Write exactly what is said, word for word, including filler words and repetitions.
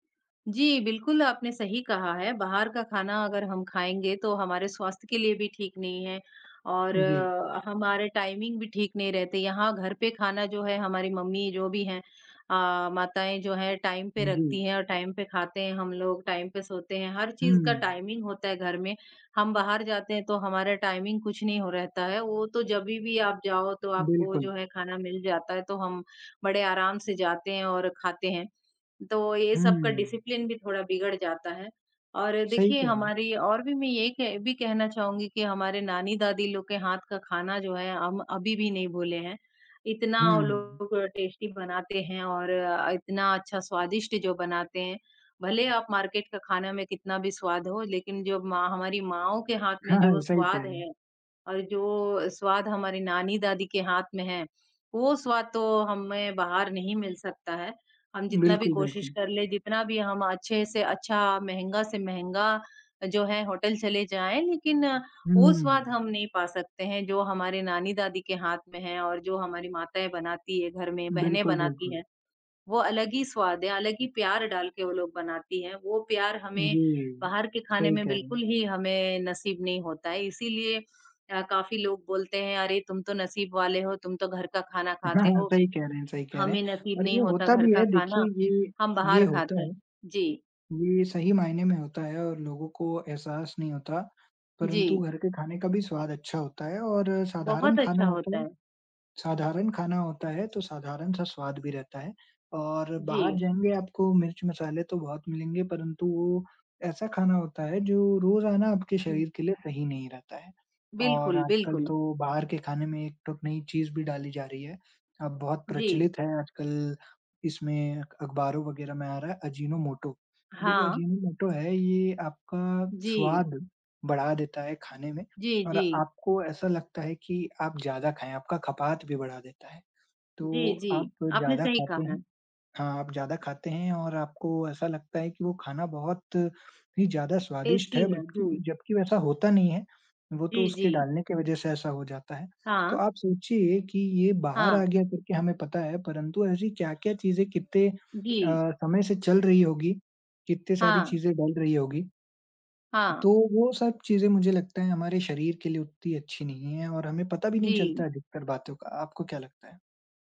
जी बिल्कुल, आपने सही कहा है। बाहर का खाना अगर हम खाएँगे तो हमारे स्वास्थ्य के लिए भी ठीक नहीं है और जी। हमारे टाइमिंग भी ठीक नहीं रहते। यहाँ घर पे खाना जो है हमारी मम्मी जो भी हैं, अ, माताएँ जो हैं टाइम पे हूँ, जी। रखती हैं और टाइम पे खाते हैं हम लोग, टाइम पे सोते हैं। हर चीज़ का हुँ। टाइमिंग होता है घर में। हम बाहर जाते हैं तो हमारा टाइमिंग कुछ नहीं हो रहता है। वो तो जभी भी आप जाओ तो आपको जो बिल्कुल। है खाना मिल जाता है तो हम बड़े आराम से जाते हैं और खाते हैं। तो यही सब का हुँ। डिसिप्लिन भी थोड़ा बिगड़ जाता है। और सही देखिए कह रहे हैं। हमारी और भी मैं ये एक भी कहना चाहूँगी कि हमारे नानी-दादी लोग के हाथ का खाना जो है हम अभी भी नहीं भूले हैं। इतना वो हुँ। लोग टेस्टी बनाते हैं और अ, इतना अच्छा स्वादिष्ट जो बनाते हैं। भले आप मार्केट का खाना में कितना भी स्वाद हो लेकिन जो माँ हमारी माँओं के हाथ में जो सही कह स्वाद रहे हैं। है और जो स्वाद हमारी नानी-दादी के हाथ में है, वो स्वाद तो हमें बाहर नहीं मिल सकता है। हम जितना भी बिल्कुल, कोशिश बिल्कुल। कर ले, जितना भी हम अच्छे से अच्छा महँगा से महँगा जो है होटल चले जाएँ लेकिन वो स्वाद हुँ। हम नहीं पा सकते हैं जो हमारे नानी-दादी के हाथ में है और जो हमारी माताएँ बनाती हैं घर में, बहनें बिल्कुल, बनाती बिल्कुल। हैं। वो अलग ही स्वाद है, अलग ही प्यार डाल के वो लोग बनाती हैं। वो प्यार हमें जी। बाहर के खाने सही में कह रहे हैं। बिल्कुल ही हमें नसीब नहीं होता है। इसीलिए अ, काफ़ी लोग बोलते हैं अरे तुम तो नसीब वाले हो, तुम तो घर का खाना खाते हो। सही कह रहे हैं, सही कह रहे हैं। हमें नसीब और नहीं ये होता होता घर भी का है देखिए खाना, ये, हम बाहर ये होता खाते है। हैं। जी। ये सही मायने में होता है और लोगों को एहसास नहीं होता। परंतु जी। घर के खाने का भी स्वाद अच्छा होता है और साधारण बहुत खाना अच्छा होता होता है। है। साधारण खाना होता है तो साधारण-सा स्वाद भी रहता है और बाहर जी। जाएँगे आपको मिर्च-मसाले तो बहुत मिलेंगे परंतु वो ऐसा खाना होता है, जो रोज़ाना आपके हुँ। शरीर के लिए सही नहीं रहता है। और बिल्कुल, आजकल बिल्कुल। तो बाहर के खाने में एक तो नई चीज़ भी डाली जा रही है। अब बहुत जी। प्रचलित है आजकल इसमें अख अखबारों वगैरह में आ रहा है अजीनोमोटो। अभी जो हाँ। अजीनोमोटो है ये आपका जी। स्वाद बढ़ा देता है खाने में जी, और जी। आपको ऐसा लगता है कि आप ज़्यादा खाएँ, आपका खपात भी बढ़ा देता है। जी, तो आप जी। आपने ज़्यादा सही खाते कहा। हैं। हाँ, आप ज़्यादा खाते हैं और आपको ऐसा लगता है कि वो खाना बहुत ही ज़्यादा स्वादिष्ट टेस्टी है। है, बल्कि जी। जब्कि वैसा होता नहीं है वो जी, तो उसके जी। डालने की वजह से ऐसा हो जाता है। तो हाँ। आप सोचिए कि ये बाहर हाँ। आ गया तो क्या हमें पता है परंतु ऐसी क्या-क्या चीज़ें कितने अ, जी। समय से चल रही होगी, कितनी सारी हाँ। चीज़ें डल रही होगी। हाँ। तो वो सब चीज़ें मुझे लगता है हमारे शरीर के लिए उत्ती अच्छी नहीं है और हमें पता भी नहीं चलता जी। अधिकतर बातों का। आपको क्या लगता है?